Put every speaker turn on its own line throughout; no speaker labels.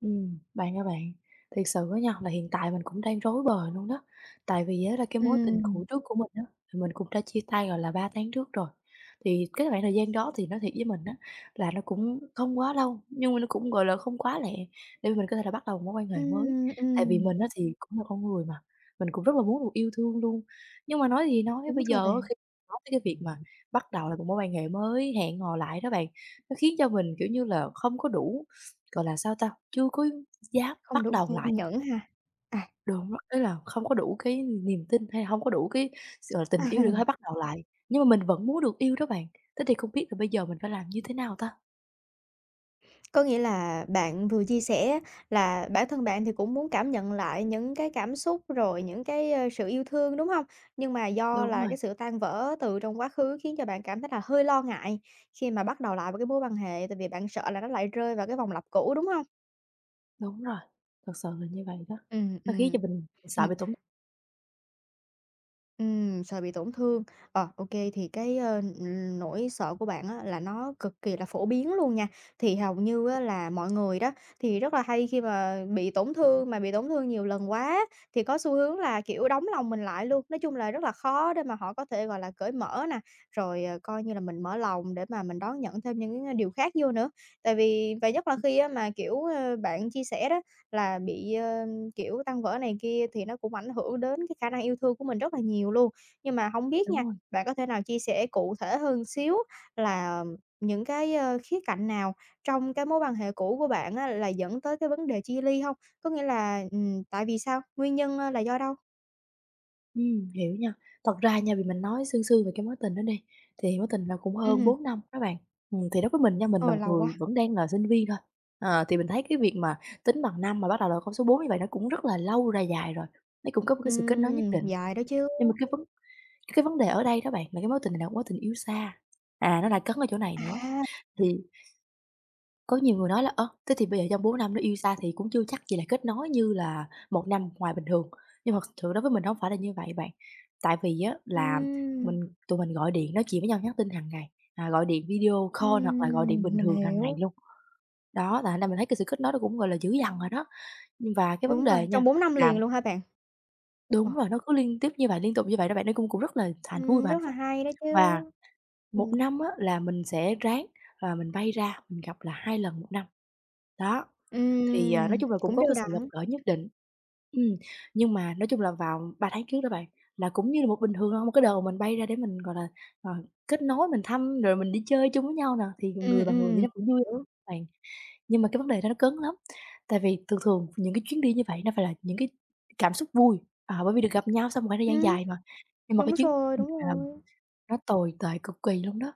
Ừm, bạn ơi bạn, thiệt sự á nha là hiện tại mình cũng đang rối bời luôn đó. Tại vì á là cái mối tình cũ
Ừm.
trước của mình á, thì mình cũng đã chia tay, gọi là, 3 tháng trước rồi. Thì cái khoảng thời gian đó thì nói thiệt với mình á là nó cũng không quá lâu, nhưng mà nó cũng, gọi là, không quá lẹ, để mà mình có thể là bắt đầu mối quan hệ mới.
Ừm,
Tại vì
ừm.
mình á thì cũng là con người mà, mình cũng rất là muốn được yêu thương luôn. Nhưng mà nói gì nói,
Đúng
bây giờ
rồi
á
bạn.
khi nói tới cái việc mà bắt đầu lại một mối quan hệ mới, hẹn hò lại đó bạn, nó khiến cho mình, kiểu như là, không có đủ, gọi là, sao ta? Chưa có dám
Không
bắt
đủ
đầu
kiên
lại.
nhẫn ha. À.
Đúng rồi, ý là không có đủ cái niềm tin hay hông có đủ cái s tình yêu để có thể bắt đầu lại. Nhưng mà mình vẫn muốn được yêu đó bạn, thế thì không biết là bây giờ mình phải làm như thế nào ta?
Có nghĩa là bạn vừa chia sẻ á là bản thân bạn thì cũng muốn cảm nhận lại những cái cảm xúc, rồi những cái, a, sự yêu thương, đúng hông? Nhưng mà do
Đúng
là
rồi.
cái sự tan vỡ từ trong quá khứ khiến cho bạn cảm thấy là hơi lo ngại khi mà bắt đầu lại vào cái mối quan hệ, tại vì bạn sợ là nó lại rơi vào cái vòng lặp cũ, đúng hông?
Đúng rồi, thực sự là như vậy đó.
Ừm,
Nó khiến cho
ừm.
mình mình sợ
Ừm.
bị tổn
Ừm, sợ bị tổn thương. Ờ, ô kê, thì cái, ơ, ừm, nỗi sợ của bạn á là nó cực kỳ là phổ biến luôn nha. Thì hầu như á là mọi người đó thì rất là hay khi mà bị tổn thương, mà bị tổn thương nhiều lần quá á, thì có xu hướng là, kiểu, đóng lòng mình lại luôn. Nói chung là rất là khó để mà họ có thể, gọi là, cởi mở nè, rồi, ờ, coi như là mình mở lòng để mà mình đón nhận thêm những, a, điều khác vô nữa. Tại vì và nhất là
Ừ.
khi á mà, kiểu, ơ, bạn chia sẻ đó, là bị, ơm, kiểu, tan vỡ này kia thì nó cũng ảnh hưởng đến cái khả năng yêu thương của mình rất là nhiều luôn. Nhưng mà hổng biết
Đúng
nha,
rồi.
bạn có thể nào chia sẻ cụ thể hơn một xíu là những cái, ơ, khía cạnh nào trong cái mối quan hệ cũ của bạn á là dẫn tới cái vấn đề chia ly hông? Có nghĩa là, ừm, tại vì sao? Nguyên nhân, a, là do đâu?
Ừm, hiểu nha. Thật ra nha, vì mình nói sương sương về cái mối tình đó đi, thì mối tình là cũng
Ừm
hơn
hừm.
4 năm á bạn. Ừm, thì đối với mình nha, mình là
Ôi,
một
lâu
người
quá!
vẫn đang là sinh viên thôi, ờ, thì mình thấy cái việc mà tính bằng năm, mà bắt đầu là con số 4 như vậy, nó cũng rất là lâu, là dài rồi. Nấy cũng có một cái sự kết nối nhất
Ừm,
định.
dài đó chứ!
Nhưng mà cái vấn cái vấn đề ở đây đó bạn là cái mối tình này nè, mối tình yêu xa, à, nó lại cấn ở chỗ này nữa.
À!
Thì, có nhiều người nói là "Ơ, thế thì bây giờ trong 4 năm đó yêu xa thì cũng chưa chắc gì là kết nối như là 1 năm ngoài bình thường." Nhưng mà thực sự đối với mình, nó hổng phải là như vậy bạn. Tại vì á là
Ừm.
mình tụi mình gọi điện nói chuyện với nhau, nhắn tin hằng ngày, à, gọi điện video call hoặc là gọi điện
Ừm,
bình
mình
thường hằng ngày
hiểu.
luôn. Đó, là thành ra mình thấy cái sự kết nối nó cũng gọi là dữ dằn rồi đó. Nhưng và cái vấn
Đúng
đề
rồi,
nha
trong 4 năm
là
liền luôn hả bạn? Ờ.
đúng rồi, nó cứ liên tiếp như vậy, liên tục như vậy đó bạn, nó cung cũng rất là thà vui
Ừm,
và hạnh
rất là
phúc.
hay đó chứ!
Và, 1
Ừm.
năm á là mình sẽ ráng, à, mình bay ra, mình gặp là 2 lần 1 năm, đó. Thì, à, nói
Ừm,
chung là cũng
cũng
có
đều
cái sự gặp
đặn.
gỡ nhất định ừm, nhưng mà, nói chung là vào 3 tháng trước đó bạn là cũng như là một bình thường thôi, một cái đợt mình bay ra để mình, gọi là, ờ, kết nối mình thăm rồi mình đi chơi chung với nhau nè thì
Ừm,
người và người vậy
ừm.
nó cũng vui
Hiểu.
bạn. Nhưng mà cái vấn đề đó nó cấn lắm. Tại vì thường thường những cái chuyến đi như vậy nó phải là những cái cảm xúc vui. À, bởi vì được gặp nhau sau một khoảng thời gian
Ừm.
dài mà. Nhưng mà cái
Đúng
chuyến
rồi, đúng
[unintelligible]
rồi.
nó tồi tệ cực kỳ luôn đó!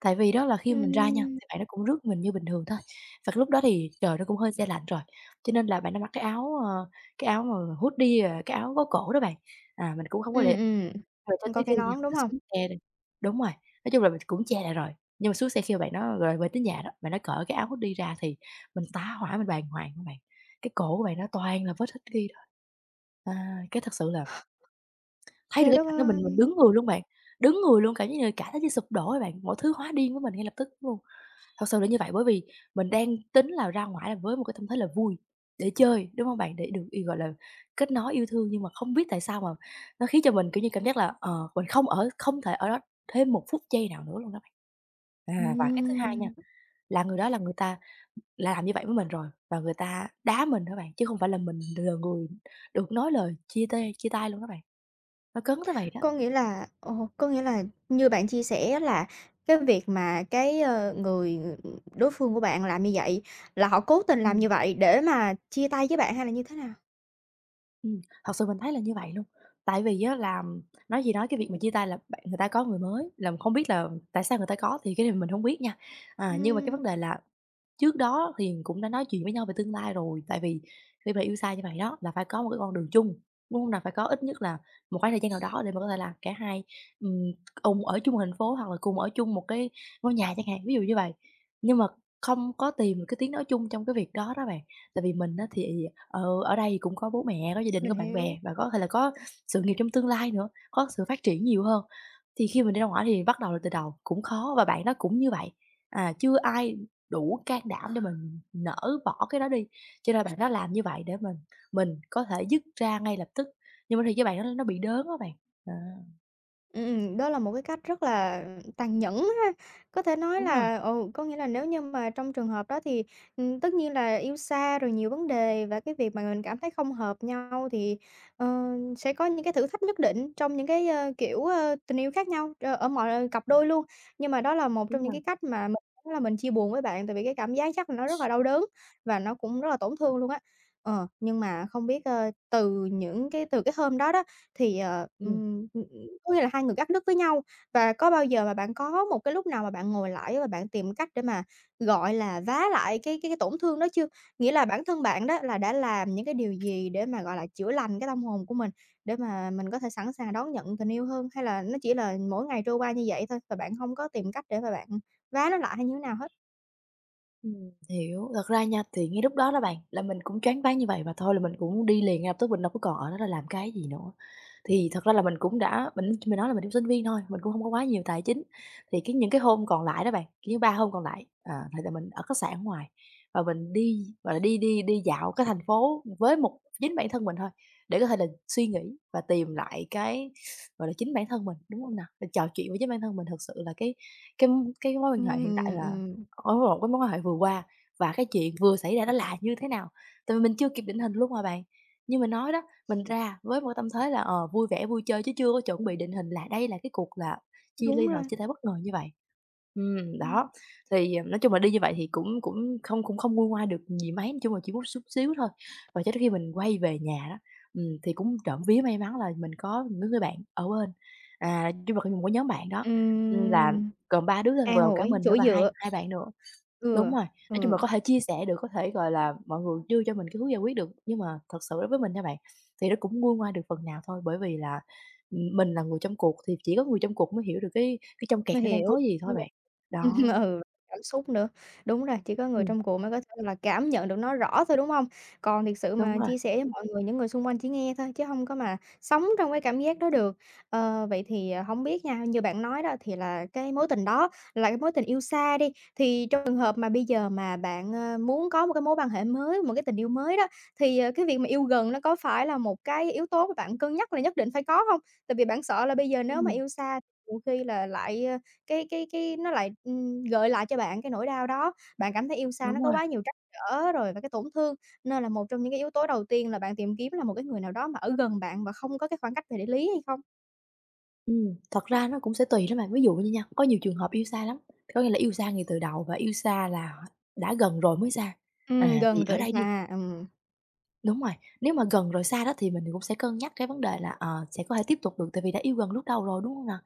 Tại vì đó là khi mà mình ra nha,
Ừm.
thì bạn đó cũng rước mình như bình thường thôi và cái lúc đó thì trời nó cũng hơi se lạnh rồi, cho nên là bạn đó mặc cái áo à, cái áo mờ hoodie, à, cái áo có cổ đó bạn. À, mình cũng hông có để
Ừm,
rồi cho
ừm.
tới
Có
khi
cái
nha,
nón, đúng
mình
hông?
xuống xe đi đúng rồi, nói chung là mình cũng che lại rồi, nhưng mà xuống xe khi mà bạn đó rồi về tới nhà đó, bạn đó cởi cái áo hoodie ra thì mình tá hỏa, mình bàng hoàng á bạn! Cái cổ của bạn đó toàn là vết hickey thôi. À, cái thật sự là thấy được
Trời
cái
đất
cảnh đó mình mình
ơi!
đứng người luôn bạn, đứng người luôn cảm giác như là cả thế giới như sụp đổ ấy bạn, mọi thứ hóa điên với mình ngay lập tức luôn! Thật sự là như vậy. Bởi vì mình đang tính là ra ngoải là với một cái tâm thế là vui để chơi, đúng hông bạn? Để được y gọi là, kết nối yêu thương nhưng mà không biết tại sao mà nó khiến cho mình, kiểu như, cảm giác là, ờ, mình không ở, không thể ở đó thêm một phút giây nào nữa luôn á bạn. À, và cái thứ 2 nha,
Ừm.
là người đó là người ta làm như vậy với mình rồi và người ta đá mình đó bạn, chứ không phải là mình là người được nói lời chia tay chia tay luôn đó bạn. Nó cấn tới vậy đó.
Có nghĩa là ờ, có nghĩa là như bạn chia sẻ là cái việc mà cái, ờ, người đối phương của bạn làm như vậy là họ cố tình làm
Ừm.
như vậy để mà chia tay với bạn hay là như thế nào?
Ừm, thật sự mình thấy là như vậy luôn. Tại vì á là nói gì nói cái việc mà chia tay là bạn người ta có người mới, là mình hông biết là tại sao người ta có? Thì cái này mình hông biết nha. À, nhưng mà cái vấn
Ừm.
đề là trước đó thì mình cũng đã nói chuyện với nhau về tương lai rồi, tại vì khi mà yêu xa như vậy đó là phải có một cái con đường chung, đúng hông nè? Phải có ít nhất là một khoảng thời gian nào đó để mà có thể là cả hai, ừm, cùng ở chung một thành phố hoặc là cùng ở chung một cái ngôi nhà chẳng hạn, ví dụ như vậy. Nhưng mà không có tìm được cái tiếng nói chung trong cái việc đó đó bạn. Tại vì mình á thì, ờ, ở đây thì cũng có bố mẹ, có gia đình,
Mình
có bạn
hiểu.
bè và có thể là có sự nghiệp trong tương lai nữa, có sự phát triển nhiều hơn. Thì khi mình đi ra ngoải thì bắt đầu lại từ đầu, cũng khó và bạn đó cũng như vậy. À, chưa ai đủ can đảm để mà mình nỡ bỏ cái đó đi. Cho nên bạn đó làm như vậy để mình mình có thể dứt ra ngay lập tức, nhưng mà thiệt với bạn đó nó bị đớn á bạn. Ờ.
Ừm, ừm. Đó là một cái cách rất là tàn nhẫn ha, có thể nói
Đúng rồi.
là ừ, có nghĩa là nếu như mà trong trường hợp đó thì, ừm, tất nhiên là yêu xa rồi nhiều vấn đề và cái việc mà mình cảm thấy không hợp nhau thì, ờ, sẽ có những cái thử thách nhất định trong những cái, ơ, kiểu, ơ, tình yêu khác nhau, ơ, ở mọi cặp đôi luôn. Nhưng mà đó là một trong
Đúng
những
rồi.
cái cách mà mình đúng là mình chia buồn với bạn, tại vì cái cảm giác chắc là nó rất là đau đớn, và nó cũng rất là tổn thương luôn á. Ờ, nhưng mà không biết, ơ, từ những cái từ cái hôm đó đó thì, ờ,
Ừm.
ừm, ừm, ừm, có nghĩa là hai người cắt đứt với nhau và có bao giờ mà bạn có một cái lúc nào mà bạn ngồi lại và bạn tìm cách để mà, gọi là, vá lại cái cái cái tổn thương đó chưa? Nghĩa là bản thân bạn đó là đã làm những cái điều gì để mà, gọi là, chữa lành cái tâm hồn của mình? Để mà mình có thể sẵn sàng đón nhận tình yêu hơn, hay là nó chỉ là mỗi ngày trôi qua như vậy thôi và bạn hông có tìm cách để mà bạn vá nó lại hay như thế nào hết?
Ừm, hiểu. Thật ra nha, thì ngay lúc đó đó bạn là mình cũng choáng váng như vậy và thôi là mình cũng đi liền ngay lập tức, mình đâu có còn ở đó đó làm cái gì nữa. Thì thật ra là mình cũng đã mình nói là mình cũng sinh viên thôi, mình cũng hông có quá nhiều tài chính, thì cái những cái hôm còn lại đó bạn, kiểu như 3 hôm còn lại, ờ, thì là mình ở khách sạn ở ngoài và mình đi, gọi là, đi đi đi dạo cái thành phố với một chính bản thân mình thôi để có thể là suy nghĩ và tìm lại cái, gọi là, chính bản thân mình, đúng hông nào? Được trò chuyện với chính bản thân mình. Thực sự là cái cái, ưm, cái mối quan
Ưm,
hệ hiện tại
ừm,
là
ừm.
á, lộn, cái mối quan hệ vừa qua và cái chuyện vừa xảy ra nó là như thế nào? Tại vì mình chưa kịp định hình luôn mà bạn. Như mình nói đó, mình ra với một cái tâm thế là "Ờ, vui vẻ, vui chơi.", chứ chưa có chuẩn bị định hình là đây là cái cuộc là chia
Đúng
ly hoặc là
rồi.
chia tay bất ngờ như vậy. Ừm,
Ừm.
đó, thì, ờ nói chung là đi như vậy thì cũng cũng không cũng không nguôi ngoai được gì mấy. Chung là chỉ mút xúc xíu thôi và cho đến khi mình quay về nhà đó, ừm, thì cũng trộm vía may mắn là mình có mấy đứa ng bạn ở bên. À, chung là cái một cái nhóm bạn đó, ừm, là
Ừm.
gồm 3 đứa thôi bao
An
gồm cả
ủi,
mình nữa
chỗ
và hai
dựa.
hai bạn nữa đúng
Ừ.
rồi, nói chung là
Ừ.
có thể chia sẻ được, có thể, gọi là, mọi người đưa cho mình cái hướng giải quyết được. Nhưng mà thật sự đối với mình nha bạn, thì nó cũng nguôi ngoai được phần nào thôi, bởi vì là, ừm, mình là người trong cuộc thì chỉ có người trong cuộc mới hiểu được cái cái trong kẹt
Mình
nó đang
hiểu.
có gì thôi
[unintelligible]
bạn.
Ừm,
Đó.
ừ, cảm xúc nữa. Đúng rồi, chỉ có người
Ừm.
trong cuộc mới có thể là cảm nhận được nó rõ thôi, đúng hông? Còn thiệt sự
Đúng
mà
rồi.
chia sẻ với mọi người, những người xung quanh chỉ nghe thôi, chứ hông có mà sống trong cái cảm giác đó được. Ờ, vậy thì, hổng biết nha, như bạn nói đó thì là cái mối tình đó là cái mối tình yêu xa đi, thì trong trường hợp mà bây giờ mà bạn, ơ, muốn có một cái mối quan hệ mới, một cái tình yêu mới đó, thì, ờ, cái việc mà yêu gần, nó có phải là 1 cái yếu tố mà bạn cân nhắc là nhất định phải có hông? Tại vì bạn sợ là bây giờ nếu mà
Ừm.
yêu xa nhiều khi là lại, a cái cái cái nó lại, ừm, gợi lại cho bạn cái nỗi đau đó, bạn cảm thấy yêu xa nó
Đúng
có
rồi.
quá nhiều trắc trở rồi và cái tổn thương, nên là một trong những cái yếu tố đầu tiên là bạn tìm kiếm là một cái người nào đó mà ở gần bạn và không có cái khoảng cách về địa lý hay không?
Ừm, thật ra nó cũng sẽ tùy đó bạn, ví dụ như nha, có nhiều trường hợp yêu xa lắm, có nghĩa là yêu xa ngay từ đầu và yêu xa là đã gần rồi mới xa.
Ừm,
À, thì
gần
ở
rồi
đây đi
xa, ừm.
Đúng rồi, nếu mà gần rồi xa đó thì mình cũng sẽ cân nhắc cái vấn đề là, ờ, sẽ có thể tiếp tục được, tại vì đã yêu gần lúc đầu rồi, đúng hông nào?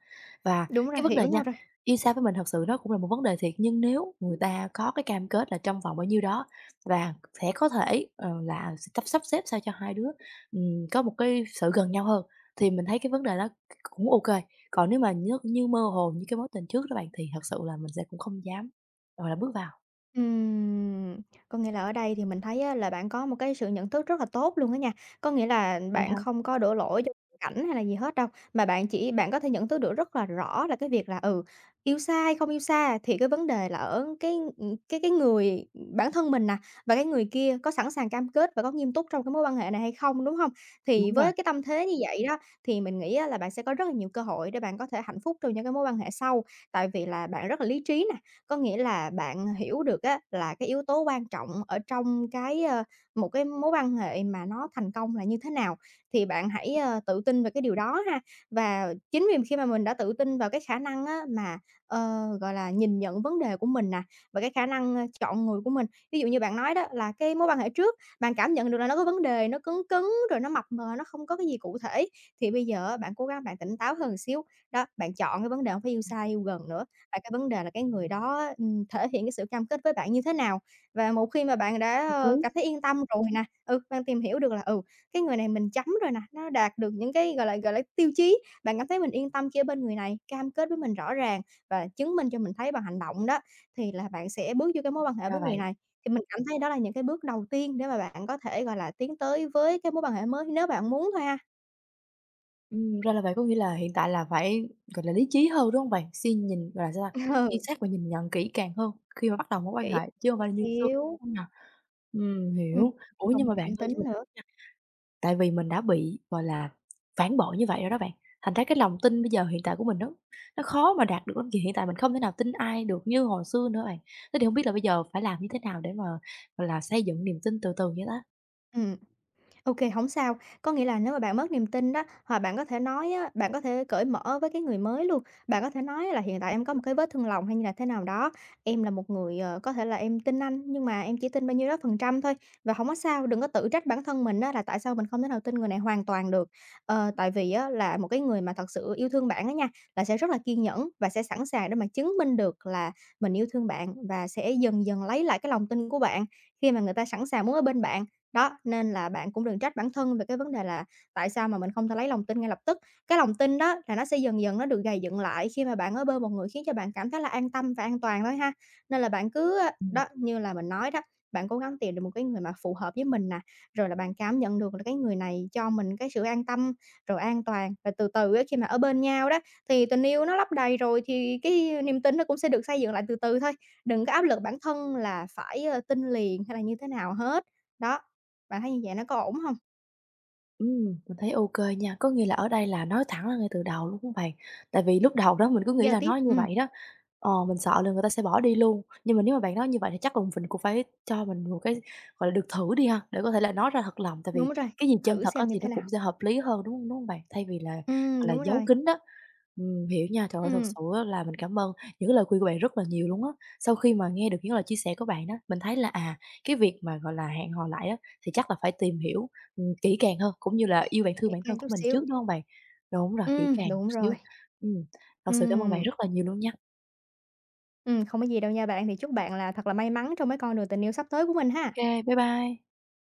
Và
Đúng rồi,
cái vấn đề
hiểu
nha,
nhau rồi.
yêu xa với mình thật sự nó cũng là một vấn đề thiệt, nhưng nếu người ta có cái cam kết là trong vòng bao nhiêu đó và sẽ có thể, ờ, là s sắp sắp xếp sao cho hai đứa, ừm, có một cái sự gần nhau hơn thì mình thấy cái vấn đề đó c cũng ô kê, còn nếu mà nh như mơ hồ như cái mối tình trước đó bạn thì thật sự là mình sẽ cũng không dám, gọi là, bước vào.
Ừm! Có nghĩa là ở đây thì mình thấy á là bạn có một cái sự nhận thức rất là tốt luôn á nha, có nghĩa là
Vậy
bạn
hả?
không có đổ lỗi cho cảnh hay là gì hết đâu, mà bạn chỉ bạn có thể nhận thức được rất là rõ là cái việc là, ừ, yêu xa hay không yêu xa thì cái vấn đề là ở cái, ừm, cái cái người ừm, bản thân mình nè, và cái người kia có sẵn sàng cam kết và có nghiêm túc trong cái mối quan hệ này hay không, đúng hông? Thì
Đúng rồi.
với cái tâm thế như vậy đó, thì mình nghĩ á là bạn sẽ có rất là nhiều cơ hội để bạn có thể hạnh phúc trong những cái mối quan hệ sau, tại vì là bạn rất là lý trí nè. Có nghĩa là bạn hiểu được á là cái yếu tố quan trọng ở trong cái, a, một cái mối quan hệ mà nó thành công là như thế nào? Thì bạn hãy, ơ, tự tin về cái điều đó ha. Và chính vì khi mà mình đã tự tin vào cái khả năng á mà, ờ, gọi là, nhìn nhận vấn đề của mình nè, và cái khả năng, a, chọn người của mình. Ví dụ như bạn nói đó là cái mối quan hệ trước bạn cảm nhận được là nó có vấn đề nó cấn cấn, rồi nó mập mờ, nó không có cái gì cụ thể thì bây giờ á bạn cố gắng bạn tỉnh táo hơn xíu. Đó, bạn chọn cái vấn đề hông phải yêu xa
Ừm.
yêu gần nữa, và cái vấn đề là cái người đó á, ừm, thể hiện cái sự cam kết với bạn như thế nào. Và một khi mà bạn đã,
Hợp
ơ, cảm
lý.
thấy yên tâm rồi nè, ừ, bạn tìm hiểu được là, ừ, cái người này mình chấm rồi nè, nó đạt được những cái, gọi là, gọi là, tiêu chí. Bạn cảm thấy mình yên tâm khi ở bên người này, cam kết với mình rõ ràng và chứng minh cho mình thấy bằng hành động đó, thì là bạn sẽ bước vô cái mối quan hệ
Ra
với người
vậy.
này. Thì mình cảm thấy đó là những cái bước đầu tiên để mà bạn có thể, gọi là, tiến tới với cái mối quan hệ mới nếu bạn muốn thôi ha.
Ừm, ra là vậy, có nghĩa là hiện tại là phải, gọi là, lý trí hơn, đúng hông bạn? Xuyên nhìn, gọi là sao ta, suy
Ừ.
xét và nhìn nhận kỹ càng hơn khi mà bắt đầu mối quan
Kỹ
hệ, chứ hông
chút
phải như xưa,
xíu.
hông nhỉ? Ừm,
Ừm,
hiểu. Ủa,
chứ hông
nhưng
có
mà bạn
cảm
ơi
tính
cho mình
nữa.
hỏi nha, tại vì mình đã bị, gọi là, phản bội như vậy rồi đó bạn, thành ra cái lòng tin bây giờ hiện tại của mình nó nó khó mà đạt được lắm, vì hiện tại mình không thể nào tin ai được như hồi xưa nữa rồi. Thế thì hông biết là bây giờ phải làm như thế nào để mà, gọi là, xây dựng niềm tin từ từ vậy ta?
Ừm. Ô kê, hổng sao, có nghĩa là nếu mà bạn mất niềm tin đó hoặc bạn có thể nói á, bạn có thể cởi mở với cái người mới luôn, bạn có thể nói là hiện tại em có một
[unintelligible]
cái vết thương lòng hay như là thế nào đó, em là một người, ờ, có thể là em tin anh nhưng mà em chỉ tin bao nhiêu đó phần trăm thôi. Và hổng có sao, đừng có tự trách bản thân mình á là tại sao mình không thể nào tin người này hoàn toàn được. Ờ, tại vì á là một cái người mà thật sự yêu thương bạn á nha, là sẽ rất là kiên nhẫn và sẽ sẵn sàng để mà chứng minh được là mình yêu thương bạn và sẽ dần dần lấy lại cái lòng tin của bạn, khi mà người ta sẵn sàng muốn ở bên bạn. Đó, nên là bạn cũng đừng trách bản thân về cái vấn đề là tại sao mà mình không thể lấy lòng tin ngay lập tức. Cái lòng tin đó là nó sẽ dần dần nó được gầy dựng lại khi mà bạn ở bên một người khiến cho bạn cảm thấy là an tâm và an toàn thôi ha. Nên là bạn cứ, a,
Ừm.
đó, như là mình nói đó, bạn cố gắng tìm được một cái người mà phù hợp với mình nè, rồi là bạn cảm nhận được là cái người này cho mình cái sự an tâm, rồi an toàn, rồi từ từ á khi mà ở bên nhau đó, thì tình yêu nó lấp đầy rồi thì cái niềm tin nó cũng sẽ được xây dựng lại từ từ thôi. Đừng có áp lực bản thân là phải, ờ, tin liền hay là như thế nào hết. Đó, bạn thấy như vậy nó có ổn hông?
Ừm, mình thấy ô kê nha, có nghĩa là ở đây là nói thẳng ra ngay từ đầu, đúng hông bạn? Tại vì lúc đầu đó mình cứ nghĩ
Giao
là
tiếp,
nói như
ừm.
vậy đó, ờ, mình sợ là người ta sẽ bỏ đi luôn, nhưng mà nếu mà bạn nói như vậy thì chắc cùng cũng phải cho mình một cái, gọi là, được thử đi ha, để có thể là nói ra thật lòng, tại vì
Đúng rồi,
cái gì chân
thử
thật á
xem như
thì nó
thế
cũng
nào.
sẽ hợp lý hơn, đúng hông, đúng hông bạn? Thay vì là, gọi
Ừm,
là,
đúng
giấu
rồi.
kín đó. Ừm, hiểu nha, trời ơi thật
Ừm.
sự á là mình cảm ơn những cái lời khuyên của bạn rất là nhiều luôn á. Sau khi mà nghe được những lời chia sẻ của bạn á, mình thấy là, à, cái việc mà, gọi là, hẹn hò lại á thì chắc là phải tìm hiểu, ừm, kỹ càng hơn cũng như là yêu bản thương
Kỹ
bản thân
càng
của
chút
mình trước,
xíu.
đúng hông bạn? Đúng rồi, kỹ
Ừm,
càng chút
đúng rồi.
xíu. Ừm, thật sự cảm ơn bạn
Ừm.
rất là nhiều luôn nha.
Ừm, không có gì đâu nha bạn, thì chúc bạn là thật là may mắn trong cái con đường tình yêu sắp tới của mình ha!
Kê, bye bye.